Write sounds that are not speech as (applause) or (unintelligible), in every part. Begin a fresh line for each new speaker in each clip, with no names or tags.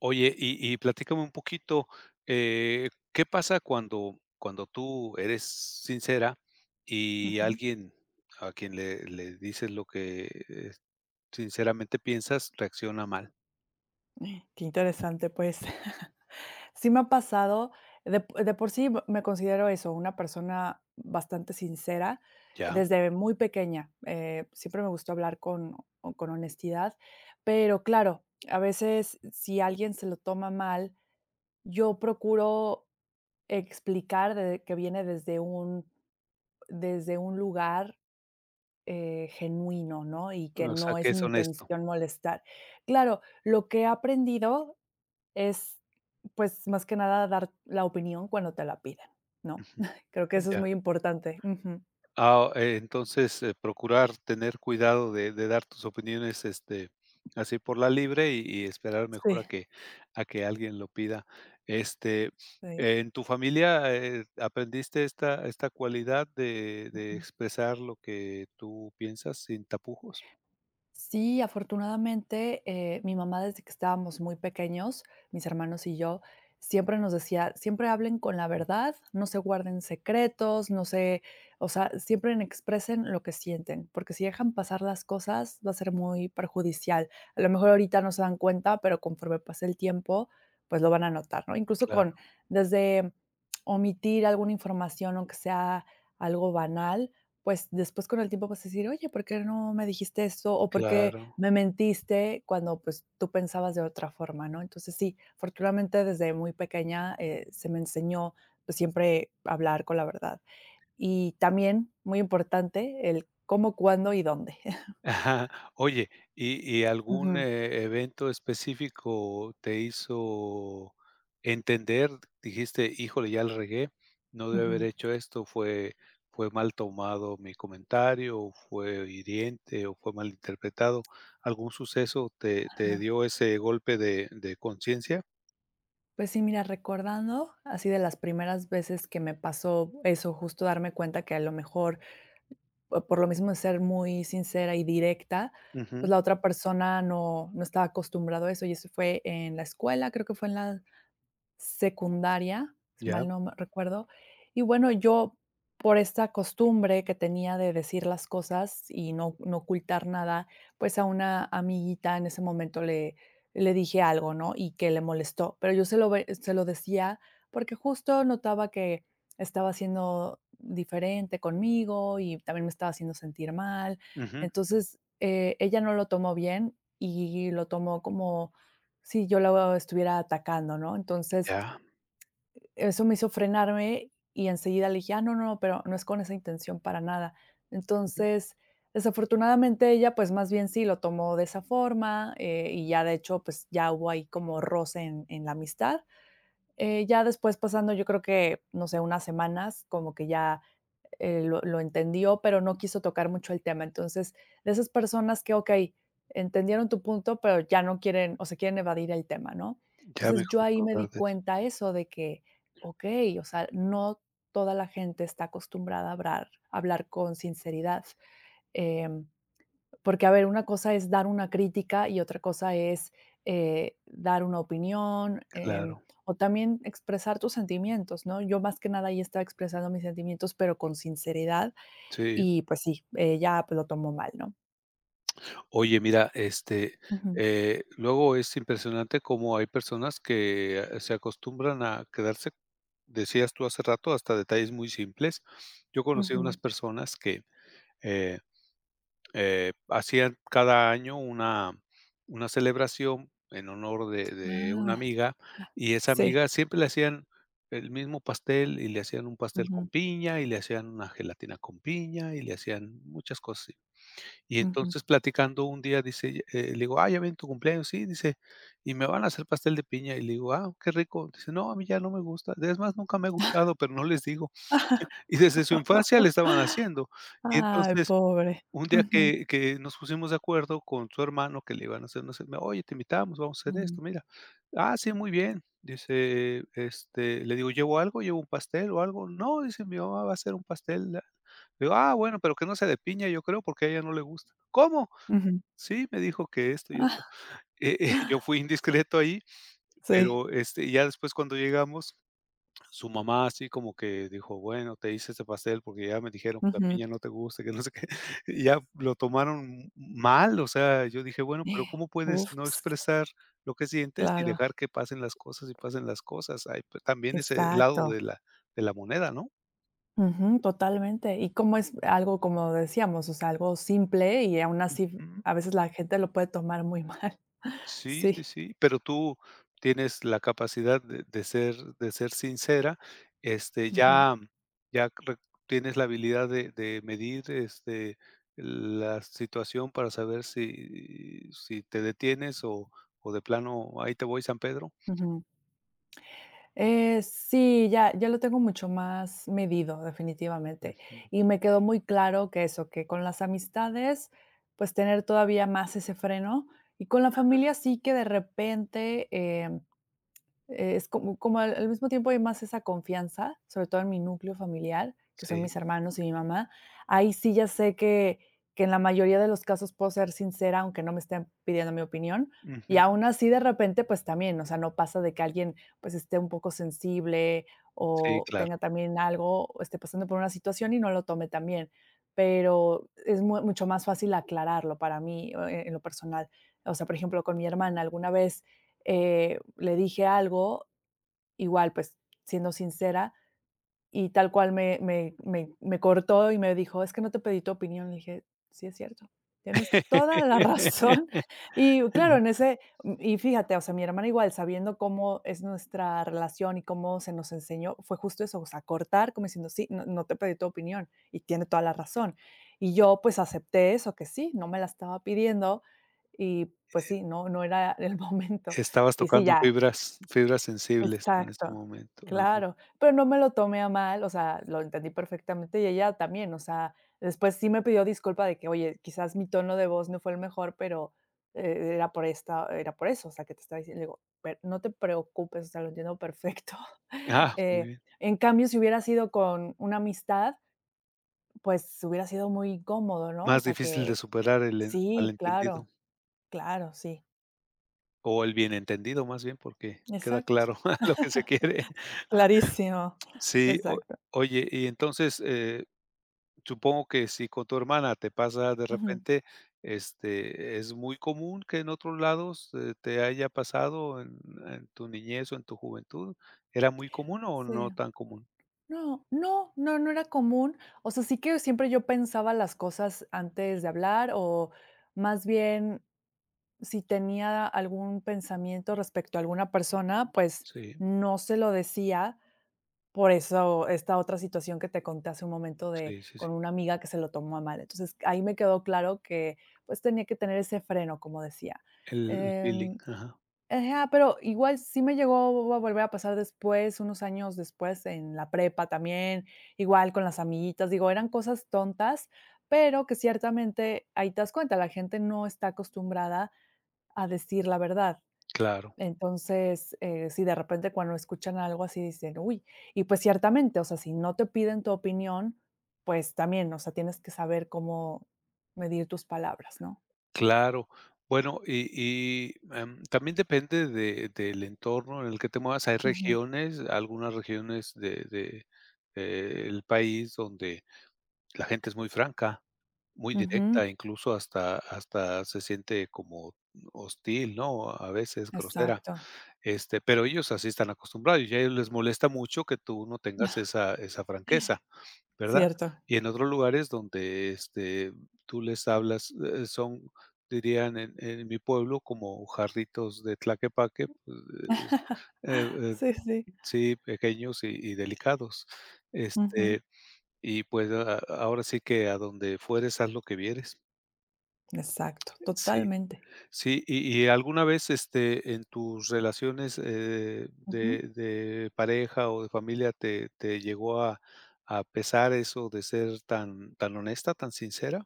Oye, y y platícame un poquito. Eh, ¿qué pasa cuando cuando tú eres sincera y
Ujú.
alguien a quien le le dices lo que, eh, sinceramente piensas reacciona mal?
Qué interesante, pues. (chuckles) Sí me ha pasado, de po de por sí, m me considero eso, una persona bastante sincera
Ya.
desde muy pequeña. Eh, siempre me gustó hablar con con honestidad, pero claro, a veces, si alguien se lo toma mal, yo procuro explicar de que viene desde un desde un lugar, eh, genuino, ¿no? Y que
O sea,
no
que
es mi
es honesto.
intención molestar. Claro, lo que he aprendido es, pues, más que nada dar la opinión cuando te la pidan, ¿no?
Ujú.
(chuckles) Creo que eso es
Ya.
muy importante. Ujú.
Ah, oh, entonces, eh, procurar tener cuidado de de dar tus opiniones, este, así por la libre y y esperar mejor a
Sí.
que a que alguien lo pida. Este,
Sí.
¿en tu familia, eh eh, aprendiste esta esta cualidad de de
Ujú.
expresar lo que tú piensas sin tapujos?
Sí, afortunadamente, eh, mi mamá desde que estábamos muy pequeños, mis hermanos y yo, siempre nos decía: "Siempre hablen con la
Mm.
verdad. No se guarden secretos. No se, o sea, siempre expresen lo que sienten, porque si dejan
Mm.
pasar las cosas, va a ser muy perjudicial. A lo mejor ahorita no se dan cuenta, pero conforme pase el tiempo, pues, lo van a notar", ¿no?, incluso con
Claro.
desde omitir alguna información, aunque sea algo banal. Pues después, con el tiempo, vas a decir: "Oye, ¿por qué no me dijiste esto, o por qué
Claro.
me mentiste cuando, pues, tú pensabas de otra forma, ¿no?" Entonces sí, afortunadamente, desde muy pequeña, eh, se me enseñó siempre a hablar con la verdad. Y también muy importante el cómo, cuándo y dónde. (chuckles)
(chuckles) Oye, ¿y y algún
Ujú.
evento e específico te hizo entender, dijiste híjole, ya la regué? No debí haber
Ujú.
hecho esto. Fue fue mal tomado mi comentario o fue hiriente o fue mal interpretado, ¿algún suceso te te
Ajá.
dio ese golpe de de conciencia?
Pues sí, mira, recordando así de las primeras veces que me pasó eso, justo darme cuenta que a lo mejor o por lo mismo de ser muy sincera y directa, pues,
Ujú.
la otra persona no no estaba acostumbrado a eso y eso fue en la escuela, creo que fue en la secundaria, si
Ya
mal no me recuerdo y bueno, yo por esta costumbre que tenía de decir las cosas y no no ocultar nada, pues, a una amiguita en ese momento le le dije algo, ¿no?, y que le molestó, pero yo se lo ve se lo decía porque justo notaba que estaba siendo diferente conmigo y también me estaba haciendo sentir mal.
Ujú.
Entonces, eh, ella no lo tomó bien y lo tomó como sí yo la, oh, estuviera atacando, ¿no? Entonces
Ya.
e eso me hizo frenarme y enseguida le dije: "Ah, no, no, pero no es con esa intención para nada."
Ujú.
Entonces, desafortunadamente, ella pues, más bien sí lo tomó de esa forma, eh, y ya, de hecho, pues, ya hubo ahí como roce en en la amistad. Eh, ya después pasando yo creo que, no sé, unas semanas como que ya, eh, lo lo entendió, pero no quiso tocar mucho el tema. Entonces de esas personas que, okey, entendieron tu punto, pero ya no quieren, o sea, quieren evadir el tema, ¿no?
Ya
Entonces yo
mejor
ahí
no
me di
verdes.
cuenta eso de que, okey, o sea, no toda la gente está acostumbrada a hablar, hablar con sinceridad, em, porque a ver una cosa es dar una crítica y otra cosa es, eh, dar una opinión, em,
Claro.
o también expresar tus sentimientos, ¿no? Yo más que nada, ahí estaba expresando mis sentimientos, pero con sinceridad
Sí.
y pues sí, ella pues lo tomó mal, ¿no?
Oye, mira, este,
Ujú.
eh, luego es impresionante cómo hay personas que, ah, se acostumbran a quedarse. Decías tú, hace rato, hasta detalles muy simples. Yo conocí a unas
Ujú.
personas que, eh, eh, hacían cada año una una celebración en honor de
Ah.
de una
Ah,
amiga, y esa
sí.
amiga siempre le hacían el mismo pastel y le hacían un pastel con
Ujú.
piña y le hacían una gelatina con piña y le hacían muchas cosas así. Y
Ujú.
entonces, platicando un día, dice ella eh, le digo: "Ah, ya viene tu cumpleaños". "Sí", dice. "Y me van a hacer pastel de piña". Y le digo: "Ah, qué rico". Dice: "No, a mí ya no me gusta. Es más, nunca me ha gustado, pero no les digo".
(chuckles)
Y desde su infancia le
(laughs)
estaban haciendo. Y
Ay,
entonces,
pobre.
un día
Ujú.
que que nos pusimos de acuerdo con su hermano, que le iban a hacer una cena, "Oye, te invitamos, vamos a hacer esto,
Mm.
mira". "Ah, sí, muy bien", dice, este, le digo: "¿Llevo algo? ¿Llevo un pastel o algo?". "No", dice, "mi mamá va a hacer un pastel". La Le digo: "Ah, bueno, pero que no sea de piña, yo creo, porque a ella no le gusta". "¿Cómo?".
Ujú.
"Sí, me dijo que esto y esto".
(chuckles)
Eh, eh, yo fui indiscreto ahí.
Sí.
Pero este ya después, cuando llegamos, su mamá así como que dijo: "Bueno, te hice este pastel porque ya me dijeron que la
Ujú.
piña no te gusta", y que no sé qué. Y ya, lo tomaron m mal. O sea, yo dije, bueno pero, ¿cómo
(gasps)
puedes
Uf.
no expresar lo que sientes y
Claro.
dejar que pasen las cosas y pasen las cosas? Hay también ese lado
Exacto.
de la de la moneda, ¿no?
Ujú, totalmente. Y cómo es algo, como decíamos, o sea, algo simple y aun así,
Ujú.
a veces la gente lo puede tomar muy mal,
Sí, sí,
sí.
sí, pero tú, tienes la capacidad de de ser de ser sincera. Este
Ujú.
ya, ya re tienes la habilidad de de medir, este, la situación para saber si, si te detienes o o de plano: "Ahí te voy, San Pedro".
Ujú. Eh, sí, ya ya lo tengo mucho más medido definitivamente,
Ujú.
y me quedó muy claro que eso, que con las amistades, pues, tener todavía más ese freno y con la
Ajá.
familia sí que de repente, eh, es como como al al mismo tiempo hay más esa confianza, sobre todo en mi núcleo familiar, que son
Sí.
mis hermanos y mi mamá. Ahí sí, ya sé que que en la mayoría de los casos puedo ser sincera, aunque no me estén pidiendo mi opinión y
Ujú.
aun así, de repente, pues también, o sea, no pasa de que alguien pues esté un poco sensible
Sí,
o
claro.
tenga también algo o esté pasando por una situación y no lo tome tan bien, pero es muy mucho más fácil aclararlo para mí, oh, eh, en lo personal, o sea, por ejemplo, con mi hermana alguna vez, eh, le dije algo, igual, pues, siendo sincera y tal cual me me me me cortó y me dijo: "Es que no te pedí tu opinión". Le dije: "Sí, es cierto, tienes toda la razón". Y claro,
(laughs)
en ese y, fíjate, o sea, mi hermana igual sabiendo cómo es nuestra relación y cómo se nos enseñó, fue justo eso, o sea, cortar como diciendo: "Sí, no no te pedí tu opinión". Y tiene toda la razón y yo pues, acepté eso que sí, no me la estaba pidiendo y pues sí, no no era el momento
Estabas
y sí,
tocando
ya
fibras fibras sensibles en este
exacto,
momento. (unintelligible)
claro, pero no me lo tomé a mal, o sea, lo entendí perfectamente, y ella también, o sea, después sí me pidió disculpa de que: "Oye, quizás mi tono de voz no fue el mejor, pero, eh, e era por esta, era por eso, o sea que te estaba diciendo". Le digo: "A ver, no te preocupes, o sea, lo entiendo perfecto".
¡Ah! Muy
Eh,
bien.
en cambio, si hubiera sido con, una amistad, pues, hubiera sido muy incómodo, ¿no? O
Más
sea
difícil de
que,
superar el en mal
sí
entendido.
claro, claro, sí.
O el bien entendido, más bien, porque queda
Exacto.
claro lo que se quiere.
(chuckles) Clarísimo,
Sí, o
exacto.
oye, y entonces, eh, supongo que si con tu hermana te pasa de
Ujú.
repente, este, eh, ¿es muy común que en otros lados, eh, te haya pasado en en tu niñez o en tu juventud? ¿Era muy común o
Sí.
no tan común?
No, no, no, no era común, o sea, sí que siempre yo pensaba las cosas antes de hablar o, más bien, si tenía algún pensamiento respecto a alguna persona, pues
Sí.
no se lo decía, por eso esta otra situación que te conté hace un momento de
Sí, sí,
con
sí.
una amiga que se lo tomó a mal, entonces ahí me quedó claro que, pues, tenía que tener ese freno, como decía,
El feeling,
em
ajá.
ajá, pero igual sí me llegó a a a volver a pasar después, unos años después en la prepa, también igual con las amiguitas, digo, eran cosas tontas, pero que ciertamente ahí te das cuenta, la gente no está acostumbrada a decir la verdad.
Claro.
Entonces, eh, sí, de repente, cuando escuchan algo así, dicen: "¡Uy!", y pues, ciertamente, o sea, si no te piden tu opinión, pues, también, o sea, tienes que saber cómo medir tus palabras, ¿no?
Claro, bueno, y y, em, también depende de del entorno en el que te muevas. Hay
Ujú.
regiones, algunas regiones de de, eh, el país donde la gente es muy franca, muy
Ujú.
directa, incluso hasta hasta se siente como, mm, hostil, ¿no?, a veces grosera,
Exacto.
este, pero ellos así están acostumbrados y a ellos les molesta mucho que tú no tengas
(chuckles)
esa esa franqueza, ¿verdad?,
Cierto.
y en otros lugares donde, este, tú, les hablas, eh, son, dirían en en mi pueblo, como: "Jarritos de Tlaquepaque", pues, eh,
(chuckles)
eh,
Sí, sí.
sí, pequeños y y delicados,
Ujú.
este, y pues a a ahora sí que: "A donde fueres, haz lo que vieres".
Exacto,
Sí,
totalmente.
sí, y y, ¿alguna vez este, en tus relaciones, eh,
Ujú.
de de pareja o de familia, te te llegó a a pesar eso de ser tan tan honesta, tan sincera?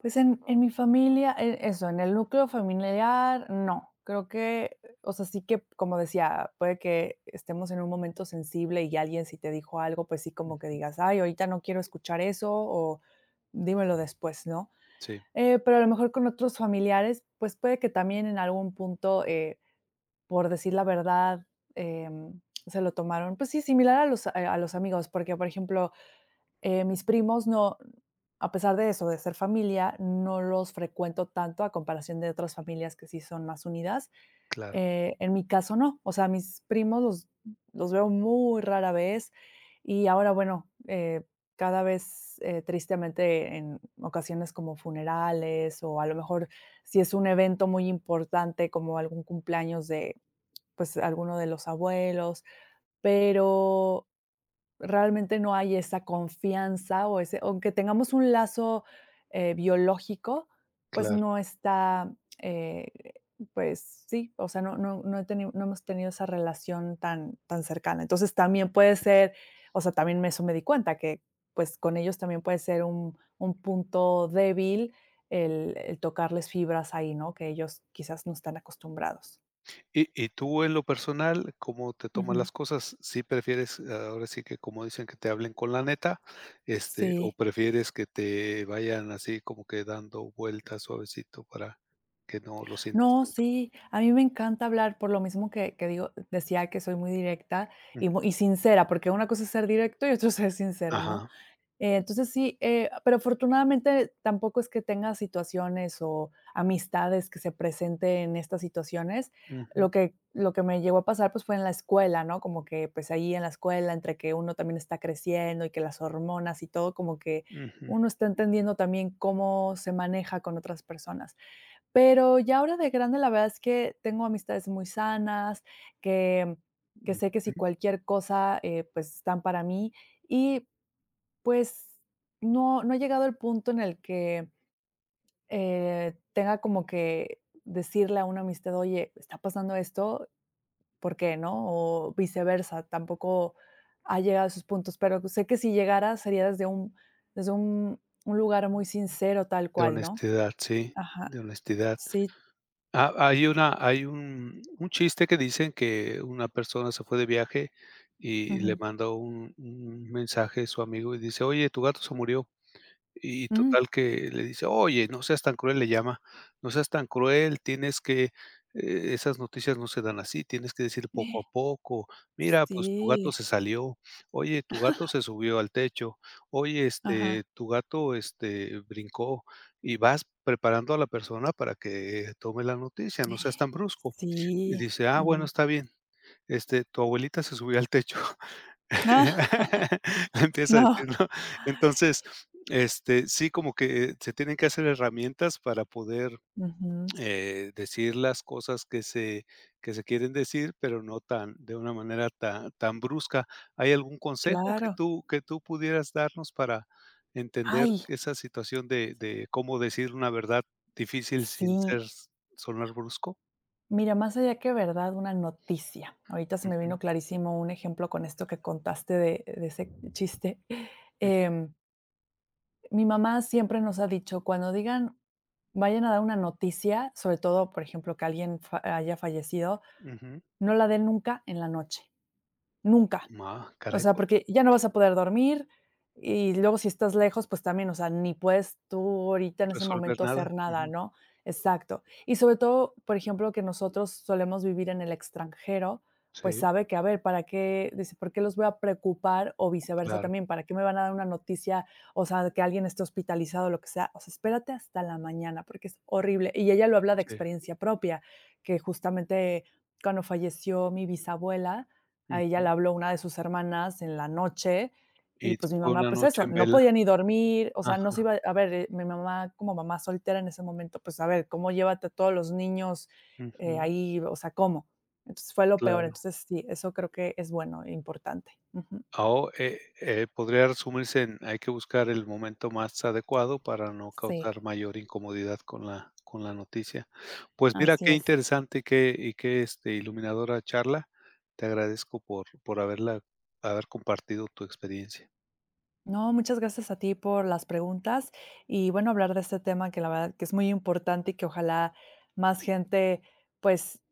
Pues en en mi familia, e eso en el núcleo familiar, no, creo que, o sea, sí que como decía, puede que estemos en un momento sensible y alguien si te dijo algo, pues sí, como que
Ujú.
digas: "Ay, ahorita no quiero escuchar eso" o "Dímelo después", ¿no?,
Sí.
eh, pero a lo mejor con otros familiares, pues puede que también en algún punto, eh, por decir la verdad, eh, se lo tomaron, pues sí, similar a los, eh, a los amigos, porque, por ejemplo, eh, mis primos no, a pesar de eso, de ser familia, no los frecuento tanto a comparación de otras familias que sí son más unidas,
Claro.
eh, en mi caso, no, o sea, mis primos los los veo muy rara vez y ahora bueno, eh, cada vez, eh, tristemente en ocasiones como funerales o a lo mejor si es un evento muy importante como algún cumpleaños de pues alguno de los abuelos, pero realmente no hay esa confianza o ese aunque tengamos un lazo, eh, biológico, pues
Claro.
no está, eh, pues sí, o sea, no no no he ten no hemos tenido esa relación tan tan cercana. Entonces también puede ser, o sea, también eso me di cuenta que pues con ellos también puede ser un un punto débil el el tocarles fibras ahí, ¿no?, que ellos quizás no están acostumbrados.
Y y tú en lo personal, ¿cómo te tomas
Ujú.
las cosas? ¿Sí prefieres ahora sí que como dicen que te hablen con la neta, este, o
Sí.
prefieres que te vayan así como que dando vueltas suavecito para que no lo sientas
No,
tanto?
sí, a mí me encanta hablar por lo mismo que que digo decía que soy muy directa
Jum.
y mu y sincera, porque una cosa es ser directo y otro (chuckles) ser sincero, ¿no?
Ajá.
Entonces sí, eh, pero afortunadamente tampoco es que tenga situaciones o amistades que se presenten estas situaciones.
Ujú.
Lo que lo que me llegó a pasar, pues, fue en la escuela, ¿no?, como que pues ahí en la escuela, entre que uno también está creciendo y que las hormonas y todo, como que
Ujú.
uno está entendiendo también cómo se maneja con otras personas. Pero ya ahora de grande, la verdad es que tengo amistades muy sanas que que sé que, si
Ujú.
cualquier cosa, eh, pues están para mí y, pues no no ha llegado el punto en el que, eh, tenga como que decirle a una amistad. Oye, ¿está pasando esto? Porque no, o viceversa. Tampoco ha llegado a esos puntos. Pero, pues, sé que si llegara, sería desde un desde un un lugar muy sincero, tal
De
cual, ¿no?
honestidad. Sí, de
Ajá,
honestidad.
sí.
Ha hay una hay un un chiste que dicen que una persona se fue de viaje y le
Ujú.
mandó un un mensaje su amigo y dice: "Oye, tu gato se murió". Y
Mm.
total que le dice: "Oye, no seas tan cruel", le llama. "No seas tan cruel, tienes que, eh, e esas noticias no se dan así. Tienes que decir poco a
(gasps)
poco. Mira, pues, tu gato
Sí.
se salió. Oye, tu gato
(chuckles)
se subió al techo. Oye,
Ajá.
este, tu gato, este, brincó y vas preparando a la persona para que tome la noticia, no seas
(gasps)
tan brusco". Y
Sí,
dice: "Ah, bueno,
ujú.
está bien. Este, tu abuelita se subió al techo". (laughs)
(laughs)
Empieza a decir,
No.
¿no? Entonces este sí, como que se tienen que hacer herramientas para poder,
Ujú.
eh, decir las cosas que se que se quieren decir, pero no tan de una manera tan tan brusca, ¿hay algún consejo que
Claro.
tú que tú pudieras darnos para entender
¡Ay!
esa situación de de cómo decir una verdad difícil sin ser
Sí.
sonar brusco?
Mira, más allá que verdad, una noticia. Ahorita se me vino
Ujú.
clarísimo un ejemplo con esto que contaste de de ese chiste,
Jum.
em Mi mamá siempre nos ha dicho cuando digan vayan a dar una noticia, sobre todo, por ejemplo, que alguien fa haya fallecido,
Ujú.
no la den nunca en la noche, nunca,
Ma
o
caray,
sea,
po
porque ya no vas a poder dormir y luego si estás lejos, pues, también, o sea, ni puedes tú ahorita en ese
Resolver
momento
nada,
hacer nada,
ujú.
¿no? Exacto, y sobre todo, por ejemplo, que nosotros solemos vivir en el extranjero, pues,
Sí.
sabe que a ver para qué, dice: "¿Por qué los voy a preocupar? o viceversa,
Claro.
también, ¿para qué me van a dar una noticia, o sea, de que alguien esté hospitalizado?", o lo que sea, o sea, espérate hasta la mañana, porque es horrible y ella lo habla de
Sí.
experiencia propia, que justamente cuando falleció mi bisabuela, a ella le
Ujú.
habló una de sus hermanas en la noche y,
Y, t s
pues, mi
fue
mamá,
una
pues,
noche
eso,
en
no
vela,
podía ni dormir, o sea, no se
ajá.
iba a ver, mi mamá como mamá soltera en ese momento, pues, a ver cómo llévate a todos los niños, eh,
Ujú.
ahí, o sea, ¿cómo? Entonces, fue lo peor,
Claro.
entonces sí, eso creo que es bueno e importante, ujú.
Ah, oh, eh eh, podría resumirse en hay que buscar el momento más adecuado para no
Sí.
causar mayor incomodidad con la con la noticia, pues, mira
Así
qué
es.
interesante que y que, este, iluminadora charla, te agradezco por por haberla haber compartido tu experiencia.
No, muchas gracias a ti por las preguntas y, bueno, hablar de este tema que la verdad que es muy importante, y que ojalá más gente, pues,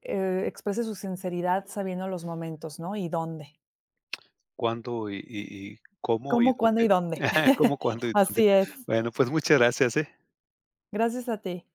eh, exprese su sinceridad sabiendo los momentos, ¿no?, y dónde.
Cuándo y y y cómo y
Cómo, cuándo y
dónde,
dónde.
(chuckles) cómo,
(chuckles)
cuándo y dónde.
Así es.
Bueno, pues, muchas gracias, eh.
Gracias a ti.